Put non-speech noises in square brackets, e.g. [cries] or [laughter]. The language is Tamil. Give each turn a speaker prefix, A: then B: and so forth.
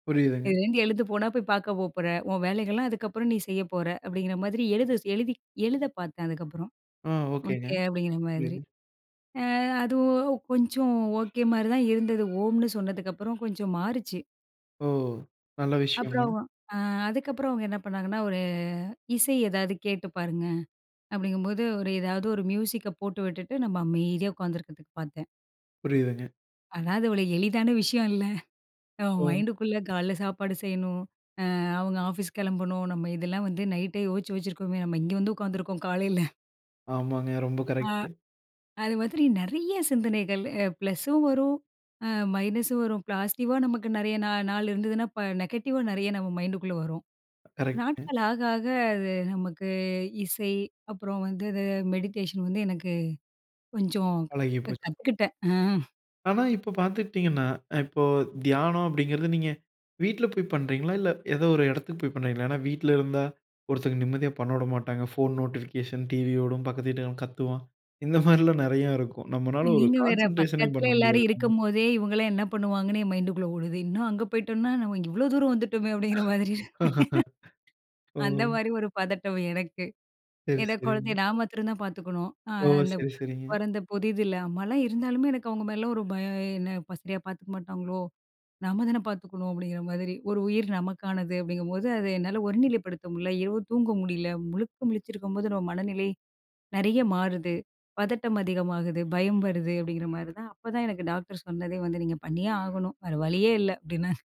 A: புரியுதுங்க.
B: "எந்து எழுத போனா போய் பாக்க போ போற, உன் வேலைகள்லாம் அதுக்கப்புறம் நீ செய்ய போற." அப்படிங்கிற மாதிரி எழுத ச எழுதி எழுத பாத்தேன் அதுக்கப்புறம்.
A: அ. ஓகேங்க.
B: "ஓகே." அப்படிங்கிற மாதிரி.
A: [unintelligible]
B: அ அது ஒ கொஞ்சம் [cries] ஓகே மாரி தான் இருந்தது. ஓம்னு சொன்னதுக்கு அப்புறம் கொஞ்சம் மாறிச்சு.
A: ஓ. நல்ல விஷயம்ங்க.
B: அப்புறம் அ அதுக்கப்பறம் அவங்க என்ன பண்ணாங்கன்னா, "ஒரு இசை ஏதாவது கேட்டு பாருங்க." அப்படிங்கும்போது ஒரு ஏதாவது ஒரு மியூசிக்க போட்டு விட்டுட்டு நம்ம அமைதியா உட்காந்துக்கிறதுக்கு பாத்தேன்.
A: புரியுதுங்க.
B: அதாவது, அவ்ள எளிதான விஷயம் இல்ல. நம்ம
A: ம்.
B: மைண்டுக்குள்ள கால்ல சாப்பாடு செய்யணும், அ அவங்க ஆஃபீஸ் கிளம்பணும், நம்ம இதெல்லாம் வந்து நைட்டே யோச்சு வச்சிருக்கோமே நம்ம இங்க வந்து உட்காந்துருக்கோம், காலைல.
A: ஆமாங்க, ரொம்ப
B: அ.
A: கரெக்ட்.
B: அது மாதிரி நிறயா சிந்தனைகள் எ ப்ளஸும் வரும் அ மைனஸும் வரும் பாசிடிவ்வா நமக்கு நிறய நாள் நாள் இருந்ததுன்னா, ப நெகட்டிவா நிறய நம்ம மைண்டுக்குள்ள வரும்.
A: கரெக்ட்டுங்க.
B: நாட்கள் ஆக, ஆக அது நமக்கு இசை அப்புறம் வந்து அது மெடிடேஷன் வந்து எனக்கு கொஞ்சம் க
A: பழகி போச்சு.
B: கத்துக்கிட்டேன் அ.
A: ஆனா இப்போ பார்த்துக்கிட்டிங்கன்னா, இப்போ தியானம் அப்படிங்கிறது, நீங்க வீட்டில போய் பண்றீங்களா? இல்ல ஏதோ ஒரு இடத்துக்கு போய் பண்றீங்களா? ஏன்னா வீட்ல இருந்தா, ஒருத்தவங்க நிம்மதியா பண்ண விட மாட்டாங்க. ஃபோன் நோட்டிஃபிகேஷன், டிவியோடும் பக்கத்து வீட்டுக்காரன் கத்துவான், இந்த மாரிலாம் நெறயாருக்கும். நம்மளால ஒரு
B: நீங்க வேற,
A: கான்சன்ட்ரேஷனே
B: பக்கத்துல
A: பண்ண
B: எல்லாரும்
A: முடியாதுங்க.
B: இருக்கும்போதே, "இவங்கெல்லாம் என்ன பண்ணுவாங்கன்னு?" என் மைண்ட்டுகுள்ள ஓடுது. இன்னும் அங்க போய்ட்டோம்ன்னா, "நாம இங்க இவ்வளவு தூரம் வந்துட்டோமே!" அப்படின்ற மாரி இருக்கும்.
A: [chuckles]
B: அந்த
A: ஓ!
B: மாதிரி ஒரு பதட்டம் எனக்கு.
A: சரி,
B: ஏன்னா குழந்தைய
A: சரி.
B: நான் மாத்திரம் தான் பாத்துக்கணும். அ
A: ஓ!
B: அந்த
A: சரி, சரிங்க.
B: பொறந்த புதிதில. இல்ல, அம்மாலாம் இருந்தாலுமே எனக்கு அவங்க மேலலாம் ஒரு பயம். என்ன "சரியா பாத்துக்க மாட்டாங்களோ? நம்ம தான பாத்துக்கணும்." அப்படிங்கிற மாரி. ஒரு உயிர் நமக்கானது. அப்படிங்கும்போது, அதை என்னால ஒருநிலைப்படுத்த முடியல, இரவு தூங்க முடியல. முழுக்க முழிச்சிருக்கும்போது நம்ம மனநிலை நிறய மாறுது, பதட்டம் அதிகமாகுது, பயம் வருது அப்படிங்கிற மாரிதான். அப்பதான் எனக்கு டாக்டர் சொன்னதே வந்து, "நீங்க பண்ணியே ஆகணும். வேற வழியே இல்ல." அப்டின்னா